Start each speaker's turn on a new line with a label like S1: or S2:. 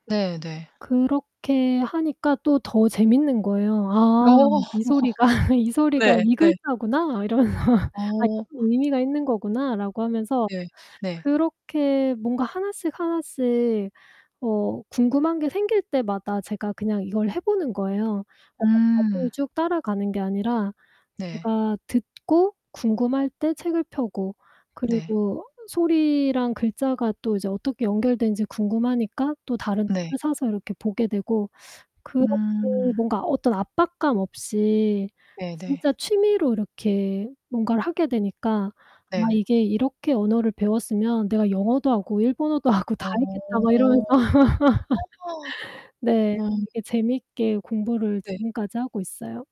S1: 네네.
S2: 그렇게 하니까 또 더 재밌는 거예요.
S1: 어.
S2: 아, '이 소리가 이 소리가
S1: 네.
S2: 이
S1: 네.
S2: 글자구나.' 이러면서 아
S1: 어.
S2: '의미가 있는 거구나.'라고 하면서
S1: 네, 네.
S2: 그렇게 뭔가 하나씩 하나씩 어 궁금한 게 생길 때마다 제가 그냥 이걸 해 보는 거예요. [unintelligible] 과정을
S1: 음.
S2: 쭉 따라가는 게 아니라
S1: 네.
S2: 제가 듣고 궁금할 때 책을 펴고
S1: 네.
S2: 그리고 소리랑 글자가 또 이제 어떻게 연결되는지 궁금하니까 또 다른
S1: 네.
S2: 책을 사서 이렇게 보게 되고 그렇게
S1: 음.
S2: 뭔가 어떤 압박감 없이
S1: 네 네.
S2: 진짜 취미로 이렇게 뭔가를 하게 되니까 아
S1: 네.
S2: 이게 '이렇게 언어를 배웠으면 내가 영어도 하고 일본어도 하고 다 했겠다.' 막
S1: 어.
S2: 이러면서 네,
S1: 음.
S2: 되게 재미있게 공부를
S1: 네.
S2: 지금까지 하고 있어요.